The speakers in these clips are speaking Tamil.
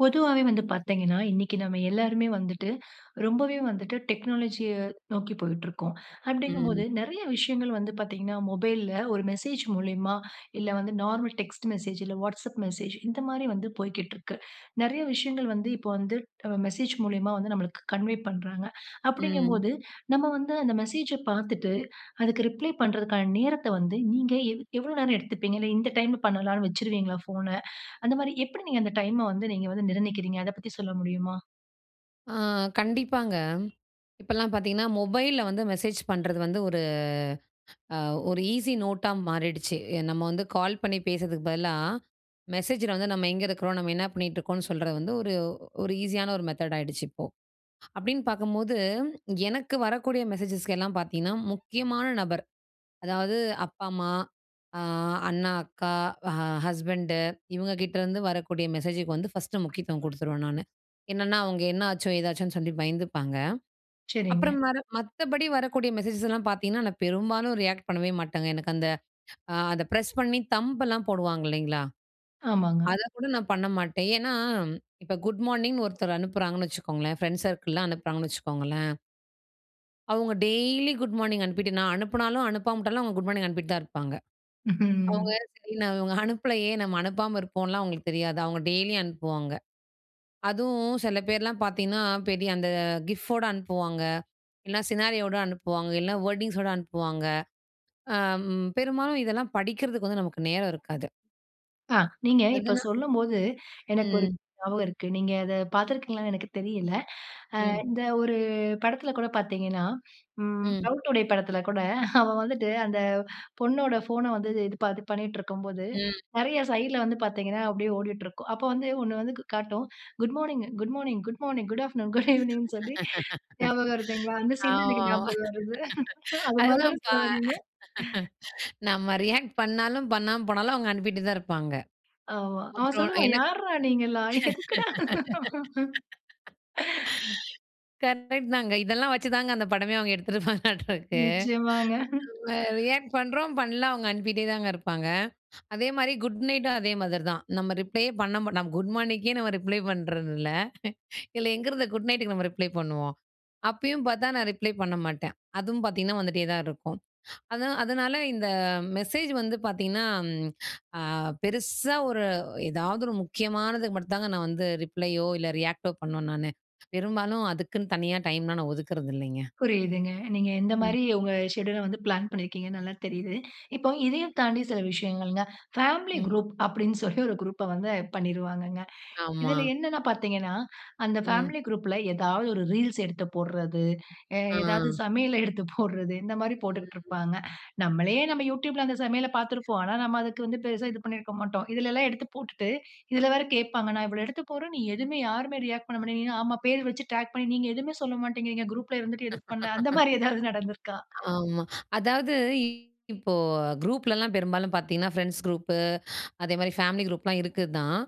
பொதுவாவே வந்து பார்த்தீங்கன்னா, இன்னைக்கு நம்ம எல்லோருமே வந்துட்டு ரொம்பவே வந்துட்டு டெக்னாலஜிய நோக்கி போயிட்டு இருக்கோம். அப்டிங்கபோது ம். நெறைய விஷயங்கள் வந்து பார்த்தீங்கன்னா, மொபைல்ல ஒரு மெசேஜ் மூலியமா இல்ல வந்து நார்மல் டெக்ஸ்ட் மெசேஜ், இல்ல Whatsapp மெசேஜ் இந்த மாரி வந்து போய்க்கிட்டு இருக்கு. நெறைய விஷயங்கள் வந்து இப்போ வந்து அ மெசேஜ் மூலியமா வந்து நமளுக்கு கன்வே பண்றாங்க. ம். அப்டிங்கபோது நம்ம வந்து அந்த மெசேஜ பார்த்துட்டு அதுக்கு ரிப்ளை பண்றதுக்கான நேரத்த வந்து நீங்க எவ் எவ்வளோ நேரம் எடுத்துப்பீங்க. இல்ல இந்த டைம்ல பண்ணலாம்ன்னு வச்சுருவீங்களா ஃபோன. அந்த மாரி எப்டி நீங்க அந்த டைம வந்து நீங்க வந்து நிர்ணயிக்கிறீங்க. அத பத்தி சொல்ல முடியுமா? ஆ கண்டிப்பாங்க. இப்பலாம் பார்த்தீங்கன்னா மொபைல்ல வந்து மெசேஜ் பண்ணுறது வந்து ஒரு அ ஒரு ஈஸி நோட்டா மாறிடுச்சு. நம்ம வந்து கால் பண்ணி பேசுறதுக்கு பதிலா மெசேஜில வந்து நம்ம எங்க இருக்குறோம், நம்ம என்ன பண்ணிட்டு இருக்கோம்னு சொல்றது வந்து ஒரு ஒரு ஈஸியான ஒரு மெத்தட் ஆயிடுச்சு இப்போ. அப்டின்னு பார்க்கும்போது எனக்கு வரக்கூடிய மெசேஜஸ்கெல்லாம் பார்த்தீங்கன்னா முக்கியமான நபர் அதாவது அப்பா, அம்மா ஆ அண்ணா, அக்கா, ஹ ஹஸ்பண்டு இவங்க கிட்டேருந்து வரக்கூடிய மெசேஜுக்கு வந்து ஃபர்ஸ்ட்டு முக்கியத்துவம் குடுத்துருவேன் நானு. என்னென்னா, அவங்க என்ன ஆச்சோ, ஏதாச்சோன்னு சொல்லி பயந்துப்பாங்க. சரிங்க. அப்புறம் வர மத்தபடி வரக்கூடிய மெசேஜஸ்லாம் பார்த்தீங்கன்னா, நான் பெரும்பாலும் ரியாக்ட் பண்ணவே மாட்டேங்க. எனக்கு அந்த அத பிரஸ் பண்ணி தம்பெல்லாம் போடுவாங்க இல்லைங்களா? ஆமாங்க. அத கூட நான் பண்ண மாட்டேன். ஏன்னா இப்ப குட் மார்னிங் ஒருத்தர் அனுப்புறாங்கன்னு வச்சுக்கோங்களேன் ஃப்ரெண்ட்ஸ் சர்க்கிள்லாம் அனுப்புறாங்கன்னு வச்சுக்கோங்களேன் அவுங்க டெய்லி குட் மார்னிங் அனுப்பிட்டு நான் அனுப்புனாலும், அனுப்பாம விட்டாலும் அவுங்க குட் மார்னிங் அனுப்பிட்டு தான் இருப்பாங்க. அவுங்க ம்ஹ்ம். சரி நான் இவுங்க அனுப்பலயே நம்ம அனுப்பாம இருப்போம்லான் அவுங்களுக்கு தெரியாது. அவுங்க டெய்லியும் அனுப்புவாங்க. அதுவும் சில பேர்லாம் பார்த்தீங்கன்னா, பெரிய அந்த கிஃப்போட அனுப்புவாங்க, இல்ல சினாரியோட அனுப்புவாங்க, இல்லன்னா வேர்டிங்ஸோட அனுப்புவாங்க. அ, அம் பெரும்பாலும் இதெல்லாம் படிக்கிறதுக்கு வந்து நமக்கு நேரம் இருக்காது. ஆ. நீங்க இப்ப அதனா சொல்லும்போது எனக்கு ஒரு ம். ஞாபகம் இருக்கு. நீங்க அத பார்த்திருக்கீங்களான்னு எனக்கு தெரியல. ஆ ம். இந்த ஒரு படத்தில கூட பார்த்தீங்கன்னா, ம் ம். "லவ் டுடே" படத்தில கூட அவ வந்துட்டு அந்த பொண்ணோட ஃபோன வந்து இது ப பண்ணிட்டு இருக்கும்போது, ம். நெறைய சைட் ல வந்து பார்த்தீங்கன்னா, அப்பிடியே ஓடிட்டிருக்கும். அப்ப வந்து 1 வந்து காட்டும். Good morning, good morning, good morning, good afternoon, good ஈனிங்னு சொல்லி ஞாபகம் இருக்குங்களா? அந்த சீன் தான் ஆமா, எனக்கு ஆமா ஞாபகம் வருது அதுமாரி தானே அதுதான்பா. சொல்ல வரீங்க? நம்ம ரியாக்ட் பண்ணாலும், பண்ணாம போனாலும் அவுங்க அனுப்பிட்டு தான் இருப்பாங்க. ஆமா. அவன் அப்புறம் சொல்லுவான் எனக் யார்ரா! நீங்கெல்லாம் எதுக்குடா? கரெக்ட் தாங்க. இதெல்லாம் வச்சு தாங்க அந்த படமே அவுங்க எடுத்துப்பாங்கட்ட இருக்கு நிச்சயமாங்க அ நம்ம ரியாக்ட் பண்றோம் பண்ணல அவுங்க அனுப்பிட்டே தாங்க இருப்பாங்க. அதே மாதிரி குட் நைட்டும் அதே மாதிரி தான். நம்ம ரிப்ளேயே பண்ண நம்ம குட் மார்னிக்கே நம்ம ரிப்ளை பண்றதில்ல. இதுல எங்க இருந்து குட் நைட்டுக்கு நம்ம ரிப்ளை பண்ணுவோம். அப்பயும் பார்த்தா நான் ரிப்ளை பண்ண மாட்டேன். அதுவும் பார்த்தீங்கன்னா, வந்துட்டே தான் இருக்கும். அதானா அதனால இந்த மெசேஜ் வந்து பார்த்தீங்கன்னா, ம், அ பெருசா ஒரு ஏதாவது ஒரு முக்கியமானதுக்கு மட்டும் தாங்க நான் வந்து ரிப்ளையோ! இல்ல ரியாக்ட் ஓ பண்ணுவேன் நானு. பெரும்பாலும் அதுக்குன்னு தனியா டைம்லாம் நான் ஒதுக்கிறது இல்லேங்க. புரியுதுங்க. நீங்க ம். எந்தமாரி உங்க ஷெட்யூல் ல வந்து பிளான் பண்ணியிருக்கீங்கன்னு நல்லா தெரியுது. இப்போ இதையும் தாண்டி சில விஷயங்கள்ங்க. /பேமிலி ம். குரூப் அப்பிடின்னு சொல்லி ஒரு குரூப்ப வந்து இது பண்ணிருவாங்கங்க. ஆமா. இதில என்னன்னு பார்த்தீங்கனா, அந்த ம். ஃபேமிலி குரூப்ல ஏதாவது ஒரு ரீல்ஸ் எடுத்து போடுறது, அ ஆ. எதாவது சமையல எடுத்து போடுறது இந்த மாரி போட்டுக்கிட்டு ம். இருப்பாங்க. நம்மளே நம்ம Youtube ல அந்த சமையல பார்த்திருப்போம். ஆனா, நாம அதுக்கு வந்து பெருசா இது பண்ணியிருக்க மாட்டோம். இதிலெல்லாம் எடுத்து போட்டுட்டு, இதில வேற கேட்பாங்க. நான் இவ்ளோ எடுத்து போடுறேன். நீ எதுவுமே யாருமே ரியாக்ட் பண்ணமாட்டேங்கிறீங்க. ஆமா பேரு வெச்சு டிராக் பண்ணி நீங்க எதுவுமே சொல்ல மாட்ட்டேங்கிறீங்க. குரூப் ல இருந்துட்டு எதும் பண்ணல. அந்த மாதிரி எதாவது நடந்திருக்கா? ஆமா, அதாவது இ இப்போ குரூப்லலாம் பெரும்பாலும் பார்த்தீங்கன்னா, ஃப்ரெண்ட்ஸ் குரூப்பு, அதே மாதிரி ஃபேமிலி குரூப்லாம் இருக்கு தான்.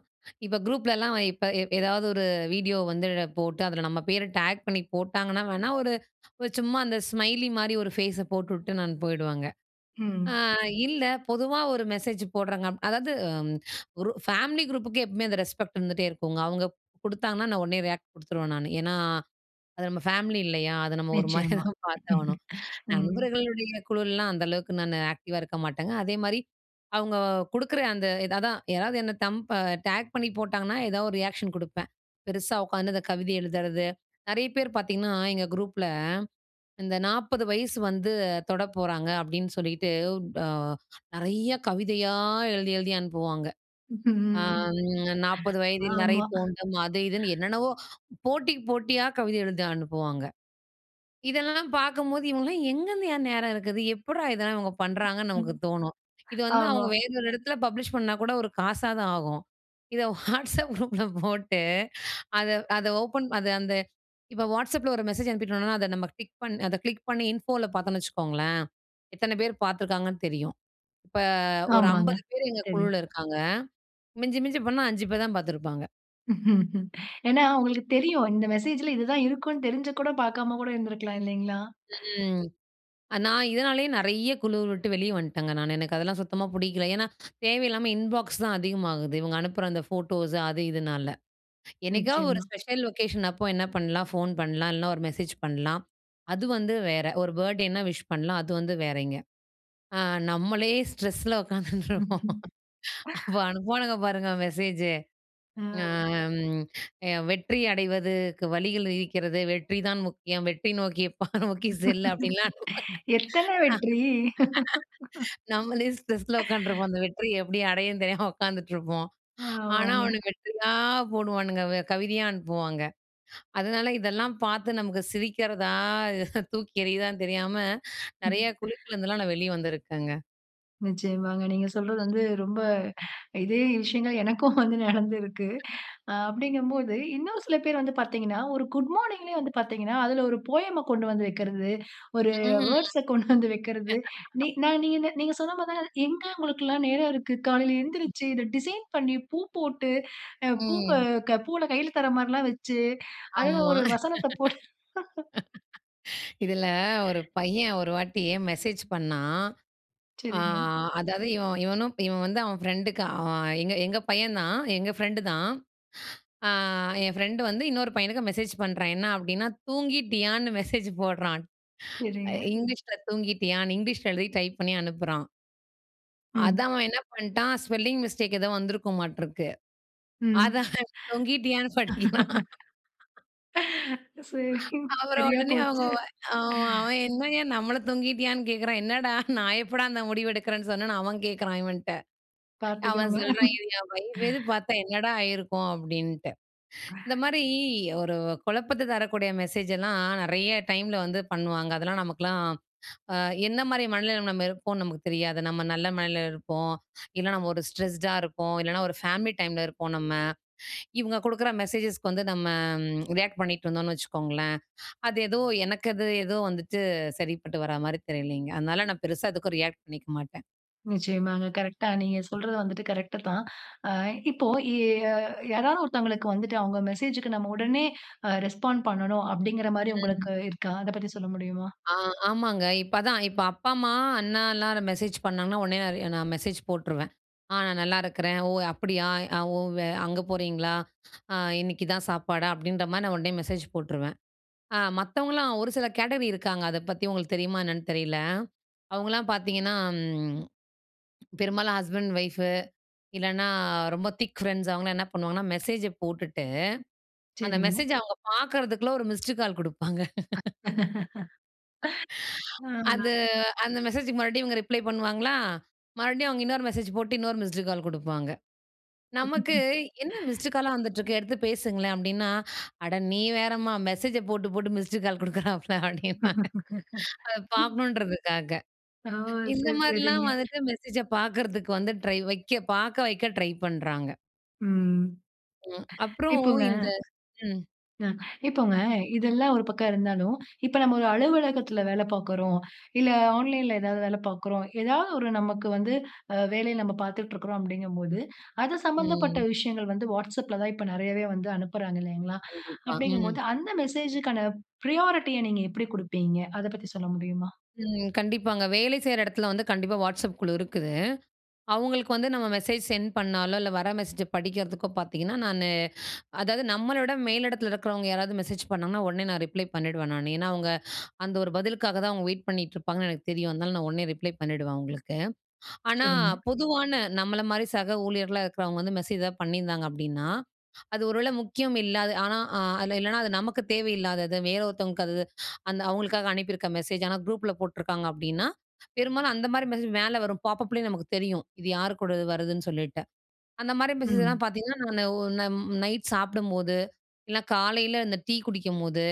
இப்ப குரூப்லலாம் இப்ப எ ஏதாவது ஒரு வீடியோ வந்து போட்டு அதில நம்ம பேர டேக் பண்ணி போட்டாங்கன்னா, வேணா ஒரு, ஒரு சும்மா அந்த ஸ்மைலி மாரி ஒரு ஃபேஸ போட்டுவிட்டு போயிடுவாங்க. ஆ ம். இல்ல பொதுவா ஒரு மெசேஜ் போடுறாங்க அதாவது ம் ஒரு ஃபேமிலி குரூப்புக்கு எப்பமே அந்த ரெஸ்பெக்ட் இருந்துட்டே இருக்குங்க. அவுங்க குடுத்தாங்கன்னா, நான் உடனே ரியாக்ட் குடுத்துடுவேன் நானு. ஏனா அது நம்ம ஃபேமிலி இல்லயா? அத நம்ம ஒருமாரியா நிச்சயமா. தான் பார்த்தாகணும் ம். நண்பர்களுடைய குழுலாம் அந்த அளவுக்கு நான் ஆக்டிவ் ஆ இருக்க மாட்டேங்க. அதேமாதிரி அவுங்க குடுக்குற அந்த இது அதான் யாராவது என்னை தம்ப் அ டேக் பண்ணி போட்டாங்கன்னா, எதா ஒரு ரியாக்ஷன் குடுப்பேன். பெருசா உட்காந்து இந்த கவிதை எழுதுறது, நெறைய பேர் பார்த்தீங்கன்னா, எங்க குரூப்பில இந்த 40 வயசு வந்து தொட போறாங்க அப்பிடின்னு சொல்லிட்டு ட நெறைய கவிதையா எழுதி, எழுதி அனுப்புவாங்க. ம், ம் ஆம் [unintelligible] 40 வயதில் நறை ஆமா தோண்றும். அது இதுன்னு என்னென்னவோ போட்டிக்கு போட்டியா கவிதை எழுதி அனுப்புவாங்க. இதெல்லாம் பார்க்கும்போது இவுங்கலாம் எங்கேருந்துய்யா! நேரம் இருக்குது. எப்புட்றா இதெல்லாம் இவங்க பண்றாங்கன்னு ம். நமக்கு தோணும். இது வந்து ஆமா. அவுங்க வேற ஒரு இடத்துல பப்ளிஷ் பண்ணா கூட ஒரு காசா ஆகும். இத வாட்ஸ்அப் குரூப்ல போட்டு அத, அத ஓப்பன் அது அந்த இப்ப வாட்ஸ்அப் ல ஒரு மெசேஜ் அனுப்பிடோன்னா, அத நம்ம டிக் பண் அத கிளிக் பண்ணி இன்ஃபோ ல பாத்தோன்னு வச்சுக்கோங்களேன்! எத்தன பேர் பார்த்துருக்காங்கன்னு தெரியும். இப்ப ஒரு ஆமாங்க. 50 பேர் எங்க தெரியும். குழுவுல இருக்காங்க மிஞ்சி, மிஞ்சி போனா 5 பேர் தான் பார்த்துருப்பாங்க. ஏனா அவுங்களுக்கு தெரியும். இந்த மெசேஜ்ல இது தான் இருக்கும்ன்னு தெரிஞ்சும் கூட பார்க்காம கூட இருந்திருக்கலாம் இல்லைங்களா? ம். நான் இதனாலேயே நெறைய குழுவ விட்டு வெளியே வந்துட்டேங்க நானு. எனக்கு அதெல்லாம் சுத்தமா புடிக்கல ஏன்னா தேவையில்லாம இன்பாக்ஸ் தான் அதிகமாகுது. இவங்க அனுப்புற அந்த ஃபோட்டோஸ் அது இதுனால. என்னைக்காவது ஒரு நிச்சயமா. ஸ்பெஷல் லொக்கேஷன் அப்போ என்ன பண்ணலாம், ஃபோன் பண்ணலாம், இல்லைனா ஒரு மெசேஜ் பண்ணலாம், அது வந்து வேற. ஒரு பர்த்டே என்ன விஷ் பண்ணலாம் அது வந்து வேறங்க. அ நம்மளே ஸ்ட்ரெஸ்ஸில உக்காந்துட்டு இருப்போம். ம்ஹம். அப்ப அனுப்புவானுங்க பாருங்க மெசேஜ். ஆ. ஆ. வெற்றி அடைவதுக்கு வழிகள் இருக்கிறது. வெற்றிதான் முக்கியம் வெற்றி நோக்கி பா நோக்கி செல் அப்டின்லாம் அனுப்ப, ஆ. எத்தனை வெற்றி? நம்மளே ஸ்ட்ரெஸில உட்காந்துருப்போம் அந்த வெற்றியை எப்படி அடையனு தெரியாம உட்காந்துட்டு இருப்போம். ஆனா ஆமாங்க. அவன வெற்றியா போடுவானுங்க கவிதையா அனுப்புவாங்க. அதனால இதெல்லாம் பார்த்து நமக்கு சிரிக்கிறதா தூக்கி எறியுறதான்னு தெரியாம ம். நெறையா குழுக்குல்லேருந்துலாம் நான் வெளிய வந்துருக்கேங்க. நிச்சயமாங்க. நீங்க சொல்றது வந்து ரொம்ப இதே விஷயங்கள் எனக்கும் வந்து நடந்திருக்கு. அ அப்படிங்கும் போது இன்னும் சில பேர் வந்து பார்த்தீங்கன்னா, ஒரு குட் மார்னிங்லேயே வந்து பார்த்தீங்கன்னா, அதில ஒரு போயம் ம கொண்டு வந்து வைக்கிறது, ஒரு ம். வேர்ட்ஸ்ஸ கொண்டு வந்து வைக்கிறது. நீங் நான் நீங்க நீங்க சொன்ன மாதிரி தான் எங்க நமக்கெல்லாம் நேரம் இருக்கு. காலையில எழுந்திருச்சு இதை [unintelligible] டிசைன் பண்ணி பூ போட்டு, அ பூவ ம். பூவ்ல கையில தர்ற மாதிரில்லாம் வச்சு அதில ஆமா. ஒரு வசனத்தை போட்டு. இதில ஒரு பையன் ஒரு வாட்டி மெசேஜ் பண்ணாண். ஆ சரிங்க. அதாவது இவனும் இவன் வந்து அவன் ஃபிரெண்ட்க்கு அ அவன் எங்க பையன் தான் எங்க பிரெண்ட் தான். ஆ என் ஃப்ரெண்ட் வந்து இன்னொரு பையனுக்கு மெசேஜ் பண்றான் என்ன அப்படின்னா, தூங்கிட்டியான்னு மெசேஜ் போடுறான். அ சரிங்க. இங்கிலீஷில தூங்கிட்டியான்னு இங்கிலீஷில எழுதி டைப் பண்ணி அனுப்புறான். ம். அதான். அவன் என்ன பண்டான், ஸ்பெல்லிங் மிஸ்டேக் ஏதோ வந்திருக்குமாட்டிருக்கு. ம். அத தொங்கிட்டியான்னு படிக்கிறான். சரிங்க. அப்புறம் சரியா உடனே அவுங்க போச்சு. ஆ. அவன், என்னயா! நம்மள தொங்கிட்டியான்னு கேக்கிறான். என்னடா! நான் எப்படா இந்த முடிவு எடுக்குறேன் சொன்னேன்னு, அவன் கேக்கிறான், இவன்ட்ட. அவன் பாத்துக்கோங்க. சொல்றான், "இது என் வைஃப்கீது பாத்தா, என்னடா ஆயிருக்கும்?" அப்படின்ட்டு. இந்த மாரி, ஒரு குழப்பத்த தரக்கூடிய மெசேஜ்ஜலாம் நெறைய டைம்ல வந்து பண்ணுவாங்க. அதெல்லாம் நமக்கெல்லாம் அ என்ன மாரி மனநிலமையில நம்ம இருப்போம்னு நமக்கு தெரியாது. நம்ம நல்ல மனநிலையில இருப்போம். இல்லன்னா நம்ம ஒரு ஸ்ட்ரெஸ்ட்டா இருப்போம். இல்லனா ஒரு ஃபேமிலி டைம்ல இருப்போம் நம்ம. இவுங்க குடுக்கற மெசேஜஸ்க்கு வந்து நம்ம ரியாக்ட் பண்ணிட்டிருந்தோம்னு வச்சுக்கோங்களேன், அது ஏதோ எனக்கு அது ஏதோ வந்துட்டு சரிப்பட்டு வரா மாரி தெரியலங்க. அதனால நான் பெருசா எதுக்கும் ரியாக்ட் பண்ணிக்க மாட்டேன். நிச்சயமாங்க. கரெக்ட்டா நீங்க சொல்றது வந்துட்டு கரெக்ட்டு தான். அ இப்போ ய் ய யாராவது ஒருத்தவங்களுக்கு வந்துட்டு அவுங்க மெசேஜ்க்கு நம்ம உடனே அ ரெஸ்பாண்ட் பண்ணணும், அப்படிங்கற மாரி ம். உங்களுக்கு இருக்கா? அதை பத்தி சொல்ல முடியுமா? ஆ. ஆமாங்க. இப்போ அதான். இப்போ அப்பா, அம்மா, அண்ணா எல்லாரும் மெசேஜ் பண்ணாங்கன்னா, உடனே நான் ரி நான் மெசேஜ் போட்ருவேன். "ஆ. நான் நல்லா இருக்கிறேன். ஓ! அப்படியா? ஓ! வே அங்க போறீங்களா? அ இன்னிக்கு, இதான் சாப்பாடா?" அப்படின்ற மாரி நான் உடனே மெசேஜ் போட்டுருவேன். அ மத்தவங்கல்லாம் ஒரு சில கேட்டகரி இருக்காங்க. அதை பத்தி உங்களுக்கு தெரியுமா என்னான்னு தெரியல. அவுங்கள்லாம் பாத்தீங்கன்னா, ம் பெரும்பாலும் ஹஸ்பண்ட், வைஃப், இல்லன்னா அ ரொம்ப திக் ஃப்ரெண்ட்ஸ் அவுங்கெல்லாம் என்ன பண்ணுவாங்கன்னா, மெசேஜ போட்டுட்டு, அந்த சரிங்க. மெசேஜ அவுங்க பாக்கறதுக்குள்ள ஒரு மிஸ்டு கால் குடுப்பாங்க. ஆ. அது, அந்த மெசேஜ்க்கு மறுபடியும் இவுங்க ரிப்ளை பண்ணுவாங்களா! மறுபடியும் அவுங்க இன்னொரு மெசேஜ் போட்டு, இன்னொரு மிஸ்ட் கால் குடுப்பாங்க. நமக்கு, "என்ன மிஸ்ட் காலா வந்துட்டுருக்கு? எடுத்து பேசுங்களேன்." அப்படின்னா, "அட நீ வேறம்மா, மெசேஜ போட்டு, போட்டு மிஸ்ட் கால் குடுக்குறாப்பள" அப்படின்பாங்க. அத பாக்கணும்ன்றதுக்காக. ஓ! இந்த சரி, சரிங்க. மாரில்லாம் வந்துட்டு மெசேஜ பாக்கறதுக்கு வந்து ட்ரை வைக்க பாக்க வைக்க ட்ரை பண்றாங்க. ம். ம். அப்புறம் இப்போங்க, இந்த ம், அ இப்போங்க, இதெல்லாம் ஒரு பக்கம் இருந்தாலும், இப்ப நம்ம ஒரு அலுவலகத்துல வேலை பாக்கிறோம். இல்லை ஆன்லைன்ல ஏதாவது வேலை பாக்குறோம். ஏதாவது ஒரு நமக்கு வந்து, அ வேலைய நம்ப பாத்துட்ருக்குறோம் அப்டிங்கும்போது, அது சம்பந்தப்பட்ட ம். விஷயங்கள் வந்து, WhatsAppல தான் இப்ப நெறையவே வந்து அனுப்புறாங்க இல்லைங்களா! கண்டிப்பா. ம். அப்படிங்கும்போது, அந்த மெசேஜ்ஜுக்கான ப்ரையாரிட்டிய நீங்க எப்படி குடுப்பீங்க? அதை பத்தி சொல்ல முடியுமா? ம். கண்டிப்பாங்க. வேலை செய்ற எடத்துல வந்து கண்டிப்பா WhatsApp குழு இருக்குது. அவுங்களுக்கு வந்து நம்ம மெசேஜ் சென்ட் பண்ணாலோ, இல்லை வர மெசேஜ படிக்கிறதுக்கோ பாத்திங்கன்னா, நானு அதாவது நம்மள விட மேலிடத்தில இருக்கிறவங்க யாராவது மெசேஜ் பண்ணாங்கன்னா, உடனே நான் ரிப்ளை பண்ணிடுவேன் நானு. ஏன்னா அவுங்க அந்த ஒரு பதிலுக்காக தான் அவுங்க வெயிட் பண்ணிக்ட்டு இருப்பாங்கன்னு எனக்கு தெரியும். அதனால நான் உடனே ரிப்ளை பண்ணிடுவேன் அவுங்களுக்கு. ஆனா, சரிங்க. பொதுவான நம்மள மாரி சக ஊழியர்களா இருக்கிறவங்க வந்து மெசேஜ் ஏதாவது பண்ணியிருந்தாங்க அப்படின்னா, அது ஒருவேளை முக்கியம் இல்லாத, ஆனா அ அதில இல்லைனா அது நமக்கு தேவை இல்லாதது, வேற ஒருத்தவங்களுக்கு அது அது அந்த அவுங்களுக்காக அனுப்பியிருக்க மெசேஜ். ஆனா குரூப்ல போட்ருக்காங்க அப்டின்னா, பெரும்பாலும் அந்த மாரி மெசேஜ் மேல வரும். பாப்பப்லயே நமக்கு தெரியும். இது யார் கூட வருதுன்னு சொல்லிட்டு. அந்த மாரி மெசேஜ்லாம் ம். பாத்தீங்கன்னா, நானு ஒரு ந ம் நைட் சாப்பிடும்போது, இல்னா காலையில இந்த டீ குடிக்கும்போது,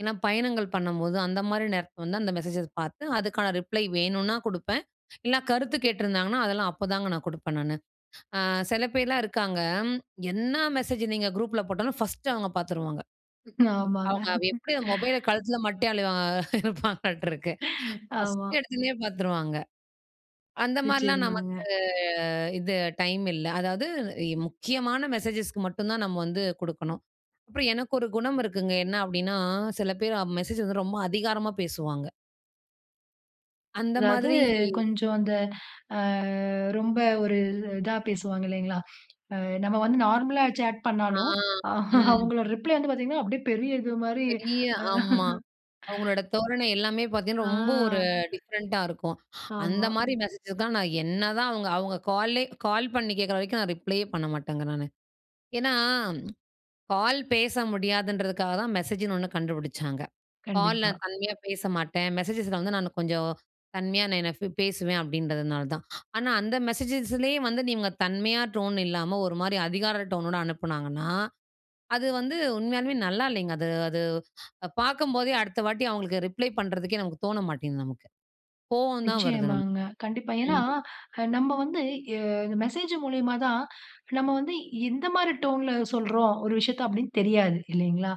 இல்லன்னா பயணங்கள் பண்ணும்போது, அந்த மாரி நேரத்தில வந்து அந்த மெசேஜை பாத்து, அதுக்கான ரிப்ளை வேணுனா குடுப்பேன், இல்னா கருத்து கேட்டிருந்தாங்கன்னா, அதெல்லாம் அப்பதாங்க நான் குடுப்பேன் நானு. அ செல பேர்லாம் இருக்காங்க ம். என்னா மெசேஜு நீங்க குரூப்ல போட்டாலும், 1டு அவுங்க பாத்துருவாங்க. ஆமாங்க. அவுங்க வ் எப்படி அந்த மொபைல கழுத்தில மாட்டிட்டே அலைவா இருப்பாங்களாட்ருக்கு. ஆமா. 1டு எடுத்தோனே பாத்துருவாங்க. அந்த மாரிலாம் வச்சிருந்தாங்க. நமக்கு இது டைம் இல்ல. அதாவது, இ முக்கியமான மெசேஜஸ்க்கு மட்டும் தான் நம்ம வந்து குடுக்கணும். அப்புறம் எனக்கு ஒரு குணம் இருக்குங்க. என்னா அப்டின்னா சில பேர் அ மெசேஜ் வந்து ரொம்ப அதிகாரமா பேசுவாங்க. அந்த அதாவது, மாதிரி. கொஞ்சம் அந்த, அ, ரொம்ப ஒரு, இதா பேசுவாங்க, இல்லைங்களா. அ, நம்ம வந்து நார்மலா, சேட் ஆ, பண்ணாலும், அ, ம். அவங்களோட ரிப்ளே வந்து பாத்தீங்கனா, அப்படியே பெரிய இது மாரி. பெரிய, அ ஆமா. அவங்களோட தோரணை எல்லாமே பாத்தீங்கன்னா, ரொம்ப ஒரு ஆ. டிஃப்ரெண்ட்டா இருக்கும். அந்த ஆமா. மாரி மெசேஜதா, நான் என்னதான் அவுங்க, அவங்க கால்லயே, கால் பண்ணி கேக்குற வரைக்கும், நான் ரிப்ளையே பண்ண மாட்டேங்க, நானு. ஏன்னா, கால் பேச முடியாதுன்றதுக்காக தான், மெசேஜின்னு ஒண்ணு கண்டுபிடிச்சாங்க. கால் கண்டிப்பா. நான் தன்மையா பேச மாட்டேன். மெசேஜஸ்ல வந்து, நான் கொஞ்சம் தன்மையா, நான் என்ன பேசுவேன், அப்படின்றதுனால தான். ஆனா அந்த மெசேஜஸ்லேயே வந்து, நீங்க தன்மையா, டோன் இல்லாம ஒரு மாரி, அதிகார டோனோட அனுப்புனாங்கன்னா, அது வந்து உண்மையாலுமே, நல்லா இல்லைங்க. அது அது பாக்கும்போதே, அடுத்த வாட்டி அவங்களுக்கு ரிப்ளை பண்றதுக்கே, நமக்கு தோண மாட்டேங்குது, நமக்கு. கோவந்தான் வருது, நமக்கு. நிச்சயமாங்க. கண்டிப்பா. ஏனா, ம். நம்ம வந்து, எ, மெசேஜ் மூலியமா தான், நம்ம வந்து, இந்த மாரி டோன்ல சொல்றோம், ஒரு விஷயத்த, அப்படினு தெரியாது. இல்லைங்களா?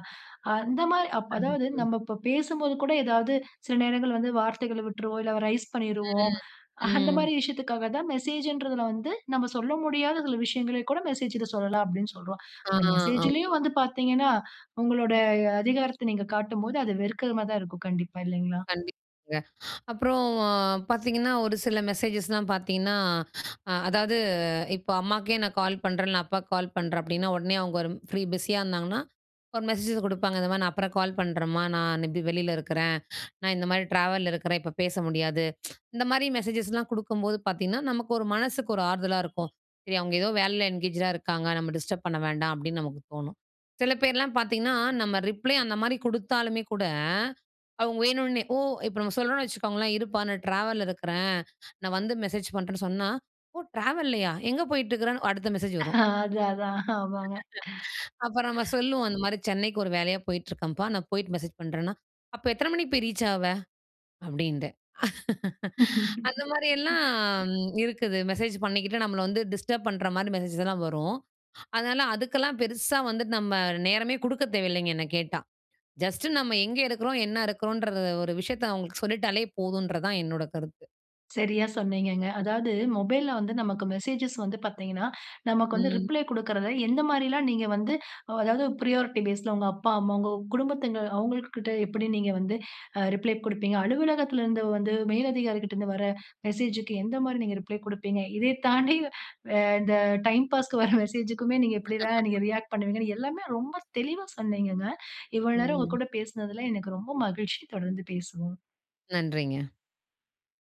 அந்த மாரி அப் அதாவது, கண்டிப்பு. நம்ம இப்ப பேசும்போது கூட, ஏதாவது சில நேரங்கள் வந்து, வார்த்தைகள விட்ருவோம். இல்ல ரைஸ் எ, பண்ணிருவோம். அந்த ம். மாரி, விஷயத்துக்காக தான், மெசேஜ்ன்றதுல வந்து, நம்ம சொல்ல முடியாத, சில விஷயங்கள கூட மெசேஜ்ல சொல்லலாம். அப்படினு சொல்றோம். ஆ, அந்த ஆமா. மெசேஜ்லயும் வந்து பாத்தீங்கனா, உங்களோட அதிகாரத்த நீங்க காட்டும்போது, அது வெறுக்கறமாதான் இருக்கும். கண்டிப்பா, இல்லைங்களா? கண்டிப்பாங்க. அப்புறம் பாத்தீங்கன்னா, ஒரு சில மெசேஜஸ்லாம் பாத்தீங்கன்னா, அதாவது, இப்ப அம்மாக்கே நான் கால் பண்றேன், இல்ல அப்பாக்கு கால் பண்றேன். அப்படின்னா, உடனே அவுங்க ஒரு ஃப்ரீ, பிஸியா இருந்தாங்கன்னா, ஒரு மெசேஜஸ் குடுப்பாங்க. இந்த மாரி, நான் அப்புறம் கால் பண்றேம்மா. நான் இப்படி வெளில இருக்குறேன். நான் இந்த மாரி, ட்ராவல்ல இருக்குறேன் இப்ப பேச முடியாது. இந்த மாரி, மெசேஜஸ்லாம் குடுக்கம்போது பாத்தீங்கன்னா, நமக்கு ஒரு மனசுக்கு ஒரு ஆறுதலா இருக்கும். சரி, அவுங்க ஏதோ வேலையில என்கேஜ்டா இருக்காங்க. நம்ம டிஸ்டர்ப் பண்ண வேண்டாம். அப்படின்னு நமக்கு தோணும். சில பேர்லாம் பாத்தீங்கன்னா, நம்ம ரிப்ளே அந்த மாரி குடுத்தாலுமே கூட, அவங்க வேணுன்னே, ஓ, இப்ப நம்ம சொல்றோம்னு வச்சுக்கோங்களேன், இருப்பா நான் ட்ராவல்ல இருக்றேன். நான் வந்து மெசேஜ் பண்றேன்னு சொன்னா, ஓ, ட்ராவல்லையா? எங்க போயிட்டு இருக்கிறேனு? அடுத்த மெசேஜ் அ, வரும். அது, அதான். ஆமாங்க. அப்புறம் நம்ம சொல்லுவோம், இந்த மாரி சென்னைக்கு, ஒரு வேலையா போய்ட்ருக்கேன்ப்பா. நான் போய்ட்டு மெசேஜ் பண்றேன்னா, அப்ப எத்தன மணிக்கு போய், ரீச் ஆவ? அப்படீண்டு. அந்த மாரிலாம் இருக்குது. மெசேஜ் பண்ணிக்கிட்டு, நம்மள வந்து டிஸ்டர்ப் பண்ற மாரி, மெசேஜஸ்லா வரும். அதனால, அதுக்கெல்லாம், பெருசா வந்துட்டு, நம்ம நேரமே குடுக்கத் தேவையில்லைங்க, என்ன கேட்டா. ஜஸ்ட் நம்ம எங்கே இருக்கிறோம். என்ன இருக்குறோன்ற, ஒரு விஷயத்த அவுங்களுக்கு சொல்லிட்டாலே போதுன்றது தான், என்னோட கருத்து. சரியா சொன்னீங்கங்க. அதாவது, மொபைல்ல வந்து, நமக்கு மெசேஜஸ் வந்து பாத்தீங்கனா, நமக்கு வந்து ம். ரிப்ளே குடுக்குறத, எந்த மாரிலாம் நீங்க வந்து, அதாவது பிரையாரிட்டி பேஸ்ல. உங்க அப்பா, அம்மா, உங்க குடும்பத்தங்க அவங்கள்கிட்ட எப்படி, நீங்க வந்து, அ, ரிப்ளே குடுப்பீங்க. அலுவலகத்தில இருந்து வந்து, மேல் அதிகாரிகிட்ட இருந்து வர்ற, மெசேஜ்க்கு எந்த மாரி, நீங்க ரிப்ளே குடுப்பீங்க. இதை தாண்டி, அ, இந்த டைம் பாஸ்க்கு வர்ற மெசேஜ்க்குமே, நீங்க எப்படிலாம், நீங்க ரியாக்ட் பண்ணுவீங்கனு, எல்லாமே ரொம்ப தெளிவா சொன்னீங்கங்க. இவ்வளவு நேரம் உங்க ம். கூட பேசுனதுல, எனக்கு ரொம்ப மகிழ்ச்சி தொடர்ந்து பேசுவோம். நன்றிங்க.